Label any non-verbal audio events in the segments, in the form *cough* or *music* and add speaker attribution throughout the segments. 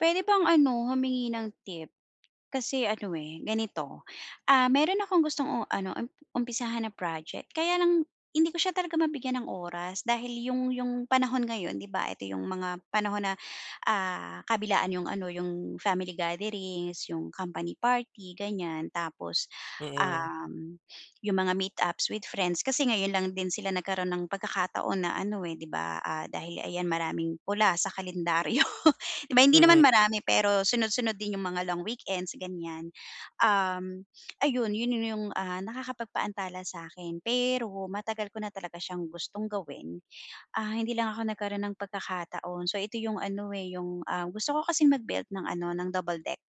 Speaker 1: Pwede bang ano humingi ng tip, kasi ano eh, ganito, ah, meron akong gustong ano umpisahan na project kaya lang hindi ko siya talaga mabigyan ng oras dahil yung yung panahon ngayon 'di ba ito yung mga panahon na, ah, kabilaan yung ano, yung family gatherings, yung company party ganiyan, tapos,
Speaker 2: Mm.
Speaker 1: um, yung mga meet-ups with friends. Kasi ngayon lang din sila nagkaroon ng pagkakataon na ano, eh, 'di ba, ah, dahil ayan maraming pula sa kalendaryo 'di ba hindi naman
Speaker 2: Mm.
Speaker 1: marami pero sunod-sunod din yung mga long weekends ganiyan. Um, ayun yun yung ah, nakakapagpaantala sa akin, pero matagal ko na talaga siyang gustong gawin. Ah, hindi lang ako nagkaroon ng pagkakataon so ito yung ano, eh, yung ah, gusto ko kasing mag built ng ano ng double deck.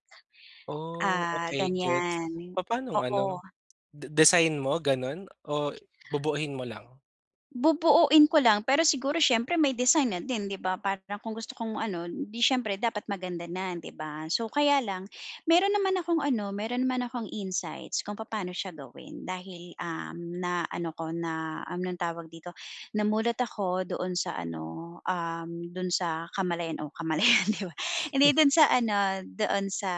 Speaker 2: Oh,
Speaker 1: Ah,
Speaker 2: okey gets,
Speaker 1: ganiyan,
Speaker 2: papaanong
Speaker 1: oo.
Speaker 2: ano di design mo ganun? O bubuo-in mo lang?
Speaker 1: Bubuoin ko lang pero siguro siyempre may design na din 'di ba para kung gusto kong ano hindi siyempre dapat maganda na 'di ba, so kaya lang meron naman akong ano, meron naman akong insights kung papaano siya gawin dahil, um, na ano ko na, anong tawag dito, namulat ako doon sa ano, um, dun sa kamalayan o kamalayan di ba, hindi dun sa ano doon sa,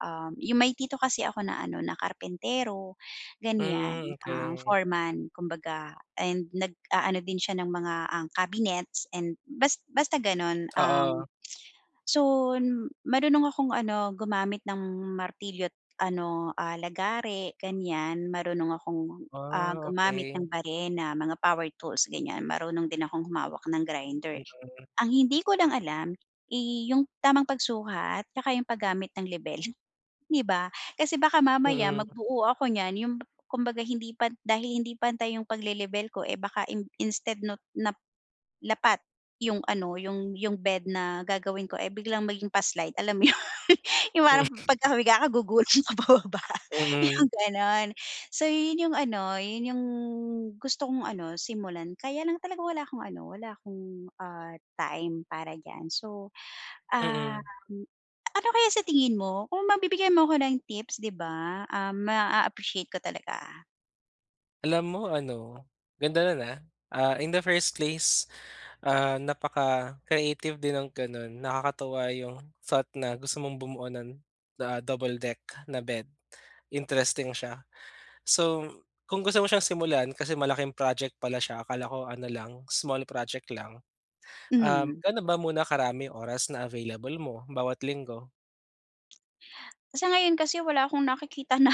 Speaker 1: um, yung may tito kasi ako na ano na karpentero ganiyan,
Speaker 2: Mm
Speaker 1: um,
Speaker 2: okey.
Speaker 1: foreman, kumbaga and nagaano din siya ng mga ang cabinets and bas basta ganun um,
Speaker 2: Oo.
Speaker 1: so marunong akong ano, gumamit ng martilyo at ano, ah, lagare ganiyan, marunong akong, ah,
Speaker 2: Ah,
Speaker 1: gumamit
Speaker 2: okey.
Speaker 1: ng barena, mga power tools ganiyan marunong din akong humawak ng grinder.
Speaker 2: Mhm.
Speaker 1: Ang hindi ko lang alam, eh, yung tamang pagsukat at saka yung paggamit ng lebel. 'Di ba, kasi baka mamaya
Speaker 2: Mm.
Speaker 1: magbuo ako niyan yung kumbaga hindi pa dahil hindi pantay yung pagle-lebel ko eh baka in instead not na lapat yung ano yung yung bed na gagawin ko eh, biglang maging pa-slide alam mo yun, yung
Speaker 2: Hmm.
Speaker 1: parang pagka humiga ka gugulong ka pababa
Speaker 2: Hmm.
Speaker 1: yung ganon. So yun yung ano, yun yung gusto kong ano simulan kaya lang talaga wala akong ano, wala akong, ah, time para diyan, so, um,
Speaker 2: Mm.
Speaker 1: ano kaya sa tingin mo kung mabibigyan mo ako ng tips 'di ba, ah, ma-appreciate ko talaga.
Speaker 2: Alam mo ano, ganda nun ah. Ah, in the first place, ah, napaka-creative din ng gano'n, nakakatuwa 'yung thought na gusto mong bumuo nun, the, ah, double-deck na bed, interesting siya. So, kung gusto mo siyang simulan, kasi malaking project pala siya, akala ko ano lang, small project lang. Um,
Speaker 1: Hmm.
Speaker 2: gano ba muna karami oras na available mo, bawat linggo?
Speaker 1: Sa ngayon kasi wala akong nakikita na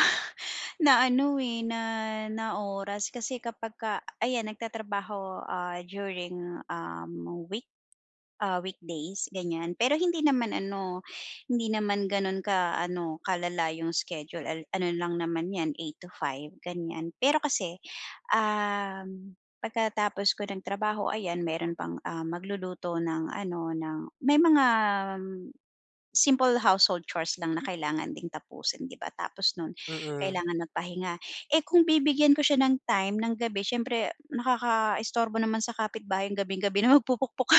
Speaker 1: na ano eh, na na oras kasi kapagka ayan nagtatrabaho ah, during, um, week ah, weekdays ganiyan, pero hindi naman ano, hindi naman gano'n ka ano, kalala 'yong schedule, al ano lang naman 'yan 8 to 5 ganiyan, pero kasi, um, pagkatapos ko ng trabaho, ayan, meron pang ah, magluluto ng ano ng may mga, um, simple household chores lang na kailangan ding tapusin 'di ba, tapos nun
Speaker 2: Mm.
Speaker 1: kailangan magpahinga. Eh, kung bibigyan ko siya ng time ng gabi siyempre nakakaistorbo naman sa kapitbahay gabing-gabi na magpupukpok ka.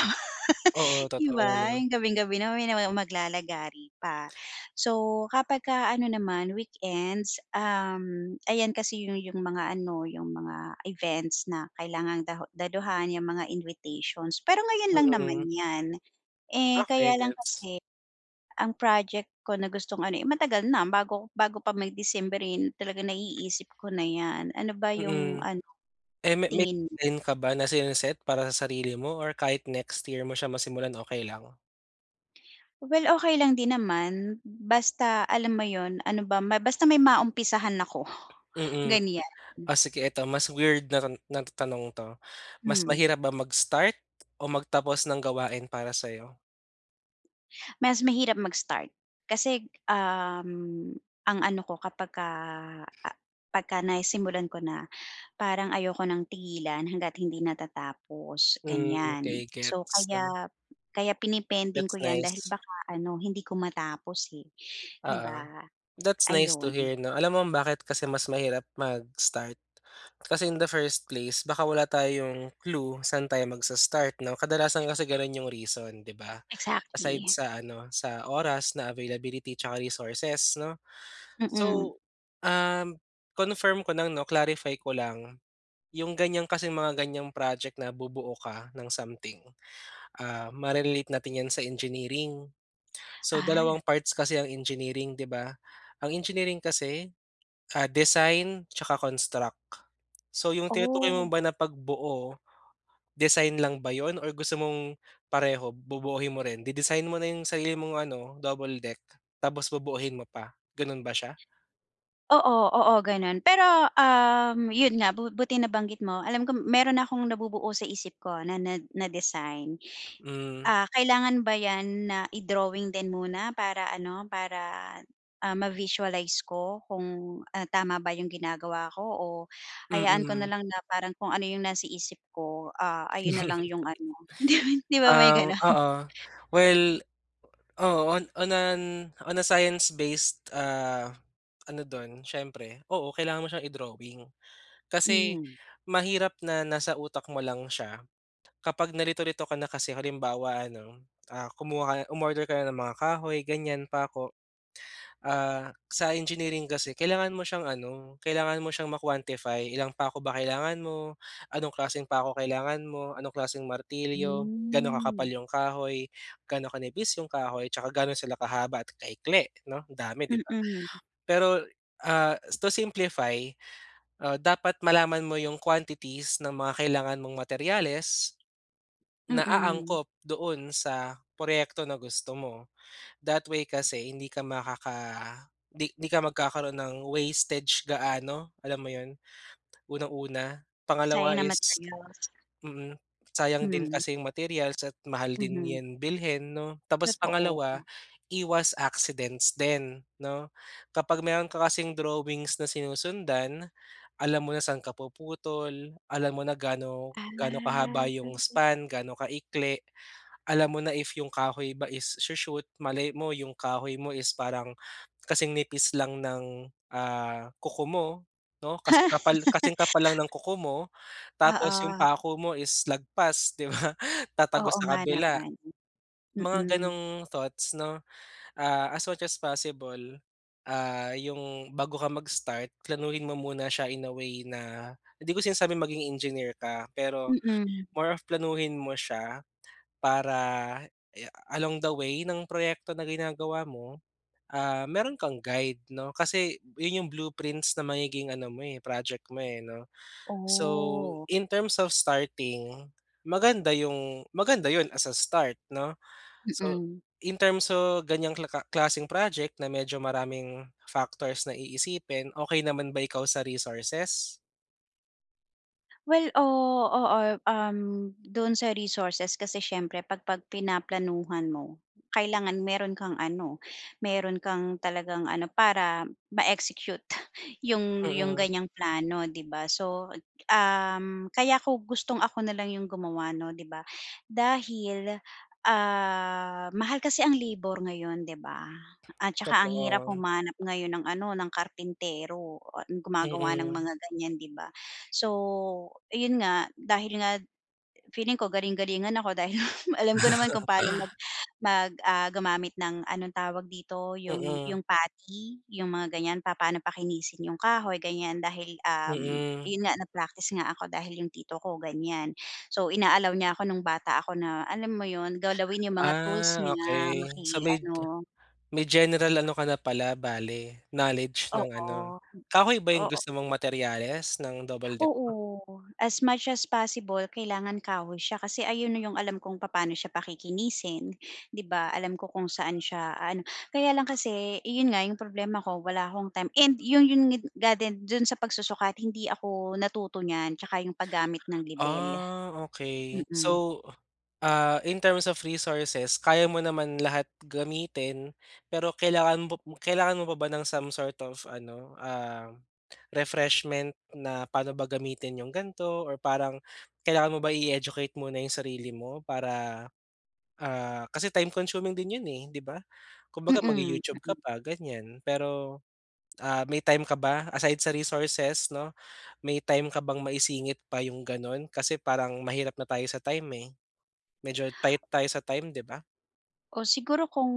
Speaker 2: Oo,
Speaker 1: *laughs* 'Di
Speaker 2: totoo
Speaker 1: ba,
Speaker 2: 'no.
Speaker 1: 'yung gabing-gabi na may nagma maglalagari pa. So kapagka ano naman, weekends, um, ayan kasi yu 'yung mga ano, 'yung mga events na kailangang da daluhan 'yung mga invitations, pero ngayon lang naman
Speaker 2: Mm.
Speaker 1: 'yan. Eh,
Speaker 2: Okey,
Speaker 1: kaya lang
Speaker 2: gets.
Speaker 1: kasi, ang project ko na gustong ano, eh, matagal na bago bago pa may December eh, talaga naiisip ko na 'yan, ano ba 'yung
Speaker 2: Mm.
Speaker 1: ano,
Speaker 2: Eh, me may
Speaker 1: tingin mo?
Speaker 2: time ka ba na sine-set para sa sarili mo or kahit next year mo siya masimulan, okey lang?
Speaker 1: Well, okay lang din naman. Basta alam mo yun, ano ba basta may maumpisahan ako,
Speaker 2: Mm,
Speaker 1: ganyan.
Speaker 2: oh, sige eto mas weird na na tanong to. Mas
Speaker 1: Hmm.
Speaker 2: mahirap ba mag start o magtapos ng gawain para sa'yo?
Speaker 1: Mas mahirap mag-start. Kasi, um, ang ano ko kapagka, ah, pagka nasimulan ko na, parang ayoko ng tigilan hangga't hindi natatapos
Speaker 2: Hmm,
Speaker 1: ganyan.
Speaker 2: okey
Speaker 1: So,
Speaker 2: gets 'no.
Speaker 1: kaya kaya pinepending
Speaker 2: That's
Speaker 1: ko yan dahil
Speaker 2: nice.
Speaker 1: baka ano hindi ko matapos, eh, 'di
Speaker 2: Oo.
Speaker 1: ba?
Speaker 2: That's nice to
Speaker 1: Ayun.
Speaker 2: hear 'no. Alam mo bakit kasi mas mahirap mag-start? Kasi in the first place baka wala tayong clue saan tayo magsa-start no. Kadalasan kasi ganun yung reason di ba. Aside
Speaker 1: Exactly.
Speaker 2: sa ano sa oras na availability tsaka resources no.
Speaker 1: Mm.
Speaker 2: So, um, confirm ko lang 'no clarify ko lang. Yung ganyan kasing mga ganyang project na bubuo ka ng something, ah, mare-relate natin yan sa engineering. So
Speaker 1: Ah.
Speaker 2: dalawang parts kasi ang engineering, d'i ba? Ang engineering kasi, ah, design tsaka construct. So yung tinutukoy mo ba
Speaker 1: Oh.
Speaker 2: na pagbuo, design lang ba yun or gusto mong pareho bubuuin mo rin? De-design mo na yung sarili mong ano double-deck tapos bubuuin mo pa, ganun ba siya?
Speaker 1: Oo, oo ganun. Pero, um, yun nga bu buti nabanggit mo alam ko meron na akong nabubuo sa isip ko na na na design.
Speaker 2: Hmm.
Speaker 1: Ah, kailangan ba 'yan na i-drawing din muna para ano para, ah, ma-visualize ko kung, ah, tama ba 'yong ginagawa ko o hayaan ko na
Speaker 2: Mm.
Speaker 1: lang na parang kung ano yung nasa isip ko, ah, ayun na lang yung ano hindi,
Speaker 2: *laughs*
Speaker 1: 'di ba may
Speaker 2: Ah,
Speaker 1: gano'n?
Speaker 2: oo. Well, oo on on an on a science based, ah, ano dun siyempre oo kailangan mo siyang i-drawing. Kasi
Speaker 1: Hmm.
Speaker 2: mahirap na nasa utak mo lang siya kapag nalito-lito ka na kasi halimbawa ano, ah, kumuha ka umorder ka ng mga kahoy ganyan pako. Ah, sa engineering kasi kailangan mo siyang ano kailangan mo siyang ma-quantify. Ilan pako ba kailangan mo, anong klaseng pa 'ko kailangan mo, anong klaseng martilyo, gaano kakapal yung kahoy, gaano kanipis yung kahoy, tsaka gaano sila kahaba at kaikli no. Dami di ba?
Speaker 1: Mm.
Speaker 2: Pero, ah, to simplify, ah, dapat malaman mo yung quantities ng mga kailangan mong materyales na
Speaker 1: Mm.
Speaker 2: aangkop doon sa proyekto na gusto mo. That way kasi hindi ka makaka, di di ka magkakaroon ng wastage gaano. Alam mo yun? Unang una.
Speaker 1: Sayang
Speaker 2: Pangalawa
Speaker 1: ang
Speaker 2: is
Speaker 1: materials.
Speaker 2: mm, sayang din
Speaker 1: Hmm.
Speaker 2: kasi yung materials at mahal din
Speaker 1: Mhm.
Speaker 2: yan bilhin no. Tapos pangalawa,
Speaker 1: Totoo.
Speaker 2: iwas accidents din no. Kapag meron ka kasing drawings na sinusundan. Alam mo na saan ka puputol, alam mo na gaano gaano kahaba yung
Speaker 1: Ah.
Speaker 2: span, gaano kaikli. Alam mo na if yung kahoy ba is sho-shoot malay mo yung kahoy mo is parang kasing nipis lang ng, ah, kuko mo no kasi kasing kapal lang ng
Speaker 1: *laughs*
Speaker 2: kuko mo tapos yung
Speaker 1: Oo.
Speaker 2: pako mo is lagpas di ba tatagos
Speaker 1: Oo
Speaker 2: sa
Speaker 1: nga
Speaker 2: kabila.
Speaker 1: naman.
Speaker 2: Mga
Speaker 1: Mm.
Speaker 2: ganong thoughts no, ah, as much as possible, ah, yung bago ka magstart planuhin mo muna siya in a way na, hindi ko sinasabi maging engineer ka, pero
Speaker 1: Mm.
Speaker 2: more of planuhin mo siya para along the way ng proyekto na ginagawa mo, ah, meron kang guide no. Kasi yun yung blueprints na magiging ano mo, eh, project mo, eh, no. So,
Speaker 1: Oh.
Speaker 2: in terms of starting maganda yung maganda yun as a start 'no. So,
Speaker 1: Mm.
Speaker 2: in terms of ganyang ka klaseng project na medyo maraming factors na iisipin okey naman ba ikaw sa resources?
Speaker 1: Well, oo oo, um, doon sa resources kasi siyempre pag pag pinaplanuhan mo, kailangan meron kang ano, meron kang talagang ano para ma-execute yung yung
Speaker 2: Mm.
Speaker 1: ganyang plano, 'di ba? So um, kaya kung gustong ako na lang yung gumawa 'no, di ba dahil, ah, mahal kasi ang labor ngayon, di ba? At saka ang hirap
Speaker 2: Totoo.
Speaker 1: humanap ngayon ng ano, ng karpintero at gumagawa ng
Speaker 2: Mhm.
Speaker 1: mga ganyan di ba? So yun nga, dahil nga feeling ko galing-galingan ako dahil alam ko naman kung paano mag
Speaker 2: *laughs*
Speaker 1: mag ah, gumamit ng anong tawag dito? Yung
Speaker 2: Mm.
Speaker 1: yung putty yung mga ganyan papaano pakinisin yung kahoy ganyan dahil, um,
Speaker 2: Mm.
Speaker 1: yun nga na-practice nga ako dahil yung tito ko ganyan. So, ina-allow niya ako nung bata ako na alam mo yun? Galawin yung mga tools
Speaker 2: Ah,
Speaker 1: niya
Speaker 2: okey. So, may
Speaker 1: maki-ano.
Speaker 2: may general ano ka na pala bale knowledge ng ano,
Speaker 1: Oo, hmm,
Speaker 2: kahoy ba yung
Speaker 1: oo.
Speaker 2: gusto mong materyales ng double deck mo?
Speaker 1: Oo. As much as possible, kailangan kahoy siya kasi ayun na yung alam kong papaano siya pakikinisin, di ba, alam ko kung saan siya ano, kaya lang kasi, yun nga, yung problema ko wala akong time. And yun yun ngid nga din dun sa pagsusukat hindi ako natuto niyan at saka yung pag-gamit ng lebel,
Speaker 2: Ah, okey.
Speaker 1: mm.
Speaker 2: So, ah, in terms of resources kaya mo naman lahat gamitin. Pero kailangan mo kailangan mo pa ba ng some sort of ano, um, refreshment na paano ba gamitin yung ganto, or parang kailangan mo ba i-educate muna yung sarili mo, para, ah, kasi time consuming din iyan eh, di ba? Kumbaga
Speaker 1: Mm,
Speaker 2: mag-YouTube ka
Speaker 1: mm.
Speaker 2: pa ganyan. Pero ah, may time ka ba aside sa resources no, may time ka bang maisingit pa yung ganun? Kasi parang mahirap na tayo sa time eh. Medyo tight tayo sa time di ba?
Speaker 1: Oh, siguro kung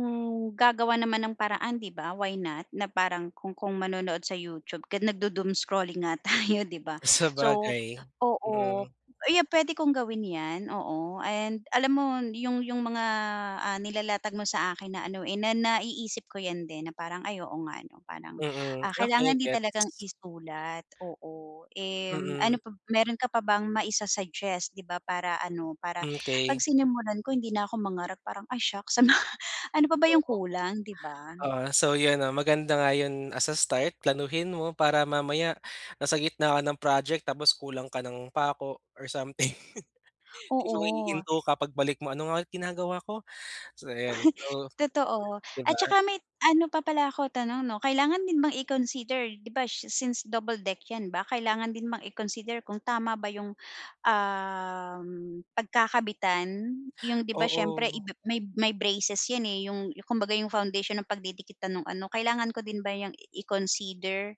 Speaker 1: gagawa naman ng paraan di ba why not, na parang kung kung manonood sa YouTube nagdu doom scrolling nga tayo 'di ba? So
Speaker 2: Sabagay
Speaker 1: oo,
Speaker 2: mm.
Speaker 1: ayan pwede kong gawin yan, oo. And alam mo yung yung mga ah, nilalatag mo sa akin na ano eh, na naiisip ko yan din na parang, ay oo nga ano parang,
Speaker 2: Mm,
Speaker 1: ah, kailangan
Speaker 2: okey
Speaker 1: din talagang
Speaker 2: gets.
Speaker 1: isulat oo, and
Speaker 2: Mm.
Speaker 1: ano pa meron ka pa bang maisa suggest 'di ba para ano, para
Speaker 2: Mm,
Speaker 1: pag
Speaker 2: okey.
Speaker 1: sinimulan ko hindi na ako mangarap parang ay shocks sa mga ano pa ba yung
Speaker 2: Oo.
Speaker 1: kulang, 'di ba?
Speaker 2: Oo, so yun 'no maganda nga yun as a start planuhin mo para mamaya nasa gitna ka ng project tapos kulang ka ng pako or something. *chuckles* Ikaw ay
Speaker 1: Oo.
Speaker 2: hihinto ka pagbalik mo ano nga ulit ginagawa ko? So ayun,
Speaker 1: *chuckles*
Speaker 2: so
Speaker 1: Totoo.
Speaker 2: di
Speaker 1: At
Speaker 2: ba?
Speaker 1: saka may ano pa pala ako tanong 'no, kailangan din bang i-consider 'di ba, since double deck yan ba kailangan din bang i-consider kung tama ba yung, um, pagkakabitan? Yung 'di ba siyempre
Speaker 2: Oo.
Speaker 1: iba may may braces yan eh, yung kumbaga yung foundation ng pagdidikitan nung ano kailangan ko din ba yang i-consider?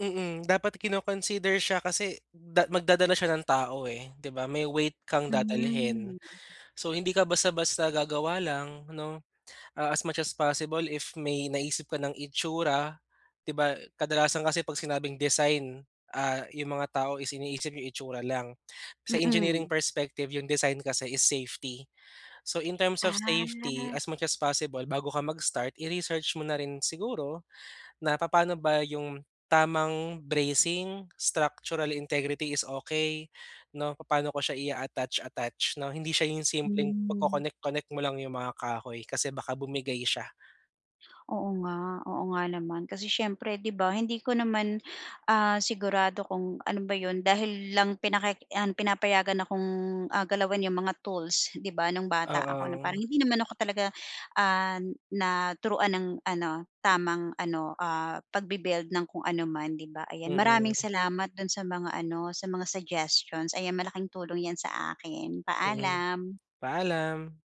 Speaker 2: Mm, dapat kino-consider siya kasi da magdadala siya ng tao eh, 'di ba, may weight kang dadalhin.
Speaker 1: Hmm.
Speaker 2: So hindi ka basta-basta gagawa lang 'no, ah, as much as possible if may naisip ka ng itsura, 'di ba, kadalasan kasi 'pag sinabing design, ah, 'yung mga tao is iniisip 'yung itsura lang. Sa
Speaker 1: Mm.
Speaker 2: engineering perspective yung design kasi is safety. So, in terms of safety,
Speaker 1: Ah.
Speaker 2: as much as possible, bago ka mag-start i-research mo na rin siguro na papaano ba 'yung tamang bracing, structural integrity is okey, 'no, papaano ko siya i-attach, attach 'no. Hindi siya 'yung simpleng
Speaker 1: Hmm.
Speaker 2: pag-connect connect mo lang 'yung mga kahoy kasi baka bumigay siya.
Speaker 1: Oo, nga, oo, nga naman. Kasi siyempre 'di ba, hindi ko naman, ah, sigurado kung ano ba 'yon. Dahil lang pinaki yan, pinapayagan akong, ah, galawin 'yong mga tools, 'di ba, nung bata ako. Na
Speaker 2: Oo.
Speaker 1: parang hindi naman ako talaga, ah, naturuan ng ano, tamang ano, ah, pagbi-build ng kung ano man, 'di ba? Ayan, maraming
Speaker 2: Mm.
Speaker 1: salamat do'n sa mga ano, sa mga suggestions, ayan malaking tulong 'yan sa akin.
Speaker 2: Mm.
Speaker 1: Paalam!
Speaker 2: Paalam.